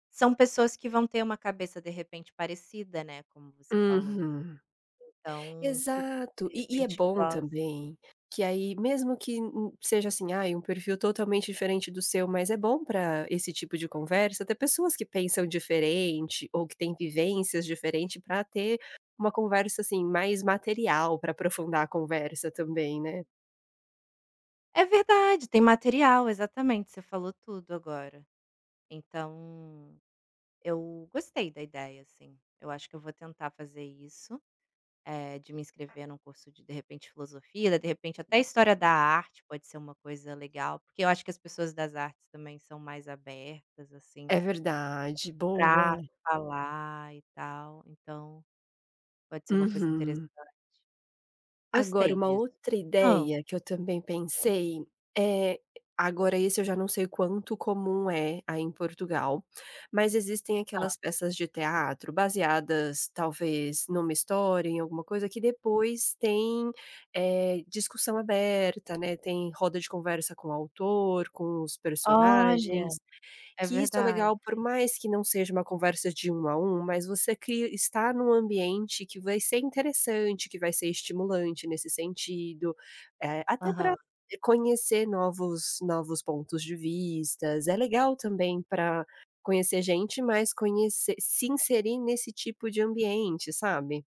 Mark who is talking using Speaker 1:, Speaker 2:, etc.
Speaker 1: São pessoas que vão ter uma cabeça, de repente, parecida, né, como você falou.
Speaker 2: Uhum.
Speaker 1: Então que,
Speaker 2: Exato,
Speaker 1: de
Speaker 2: e e é
Speaker 1: repente,
Speaker 2: bom
Speaker 1: possa
Speaker 2: também que aí mesmo que seja assim, ai, um perfil totalmente diferente do seu, mas é bom para esse tipo de conversa ter pessoas que pensam diferente ou que têm vivências diferente para ter uma conversa, assim, mais material para aprofundar a conversa também, né.
Speaker 1: É verdade, tem material, exatamente, você falou tudo agora. Então eu gostei da ideia, assim, eu acho que eu vou tentar fazer isso, eh, de me inscrever em um curso de de repente, filosofia, de repente até história da arte pode ser uma coisa legal, porque eu acho que as pessoas das artes também são mais abertas, assim
Speaker 2: É verdade, boa.
Speaker 1: para falar e tal, então pode ser uma coisa interessante.
Speaker 2: Uhum. Agora
Speaker 1: Gostei
Speaker 2: uma
Speaker 1: disso.
Speaker 2: outra
Speaker 1: Hã.
Speaker 2: ideia que eu também pensei, eh, agora esse eu já não sei quanto comum é aí em Portugal, mas existem
Speaker 1: Hã.
Speaker 2: aquelas peças de teatro baseadas, talvez, em uma história, em alguma coisa, que depois tem, eh, discussão aberta, né, tem roda de conversa com o autor, com os
Speaker 1: Olha,
Speaker 2: personagens,
Speaker 1: é
Speaker 2: que isso é
Speaker 1: verdade.
Speaker 2: legal, por mais que não seja uma conversa de um a um, mas você cria estar em um ambiente que vai ser interessante, que vai ser estimulante nesse sentido, eh, até para
Speaker 1: Aham.
Speaker 2: conhecer novos novos pontos de vistas, é legal também para conhecer gente, mas conhece se inserir nesse tipo de ambiente, sabe.